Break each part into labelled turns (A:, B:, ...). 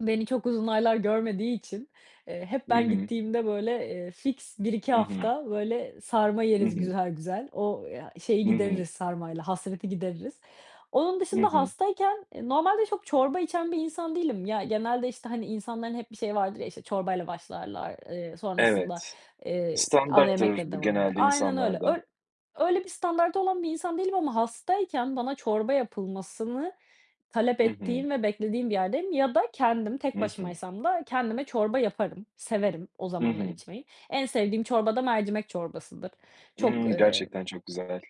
A: Beni çok uzun aylar görmediği için, eee, hep
B: Hı
A: ben
B: hı.
A: gittiğimde, böyle, eee, fiks 1-2
B: Hı hı.
A: hafta böyle sarma
B: Hı
A: yeriz,
B: hı.
A: güzel güzel o ya, şeyi,
B: Hı hı.
A: gideririz, sarmayla hasreti gideririz. Onun
B: Hı
A: dışında
B: hı.
A: hastayken, eee, normalde çok çorba içen bir insan değilim ya. Genelde, işte, hani, insanların hep bir şey vardır ya, işte, çorbayla başlarlar, ııı, sonrasında,
B: Evet,
A: eee, ana
B: standarttır
A: yemekle
B: bu
A: devam ederle
B: genelde
A: aynen, öyle
B: insanlarda.
A: öy öyle bir standardı olan bir insan değilim ama hastayken bana çorba yapılmasını talep
B: Hı hı.
A: ettiğim ve beklediğim bir yerdeyim ya da kendim
B: Hı
A: tek
B: hı.
A: başımaysam da kendime çorba yaparım, severim o
B: Hı
A: zamanlar
B: hı.
A: içmeyi. En sevdiğim çorba da mercimek çorbasıdır. Çok,
B: Imm.
A: ııı,
B: Gerçekten çok güzel.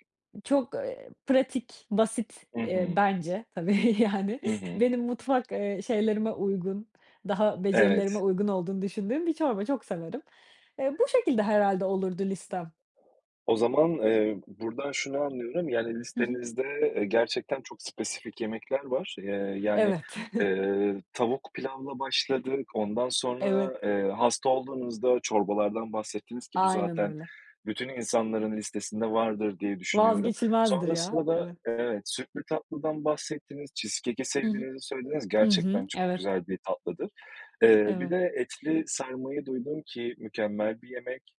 A: çok, eee, pratik, basit,
B: Hı
A: eee,
B: hı.
A: bence tabii, yani,
B: Hı hı.
A: benim mutfak, eee, şeylerime uygun daha becerilerime
B: Evet.
A: uygun olduğunu düşündüğüm bir çorba çok severim. Eee, bu şekilde herhâlde olurdu listem.
B: O zaman, eee, buradan şunu anlıyorum, yani,
A: Hı hı.
B: listenizde, eee, gerçekten çok spesifik yemekler var, eee, yani,
A: Evet.
B: eee, tavuk pilavla başladık, ondan
A: Evet.
B: sonra, eee, hasta olduğunuzda çorbalardan bahsettiniz ki bu
A: Aynen
B: zaten
A: öyle.
B: bütün insanların listesinde vardır diye düşünüyorum.
A: Vazgeçilmezdir, ya.
B: Sonrasında da,
A: Evet.
B: evet, sütlü tatlıdan bahsettiniz, cheesecake'i
A: Hı hı.
B: sevdiğinizi söylediniz,
A: Hı
B: gerçekten
A: hı.
B: çok
A: Evet.
B: güzel bir tatlıdır. Eee, bir
A: Eve
B: de etli sarmayı duydum ki mükemmel bir yemek,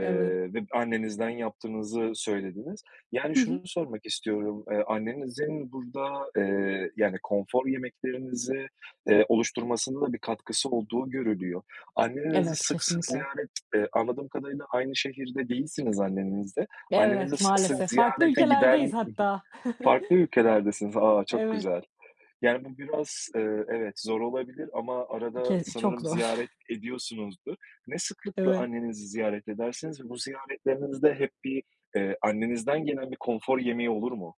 A: Evet.
B: ve annenizden yaptığınızı söylediniz. Yani,
A: Hı hı.
B: şunu sormak istiyorum, ııı, annenizin burada, eee, yani, konfor yemeklerinizi, eee, oluşturmasında da bir katkısı olduğu görülüyor. Annenizi
A: Evet.
B: sık sık
A: Kesinlikle.
B: ziyaret, eee, anladığım kadarıyla aynı şehirde değilsiniz annenizle, annenizi
A: Evet
B: sık sık
A: maalesef farklı
B: ziyarete
A: ülkelerdeyiz
B: giden
A: hatta.
B: farklı ülkelerdesiniz, aaa, çok
A: Evet.
B: güzel, yani, bu biraz, eee, evet zor olabilir ama arada
A: Ke çok
B: sanırım
A: zor.
B: ziyaret ediyorsunuzdur. Ne sıklıkla
A: Evet.
B: annenizi ziyaret edersiniz ve bu ziyaretlerinizde hep bir, ııı, annenizden gelen bir konfor yemeği olur mu?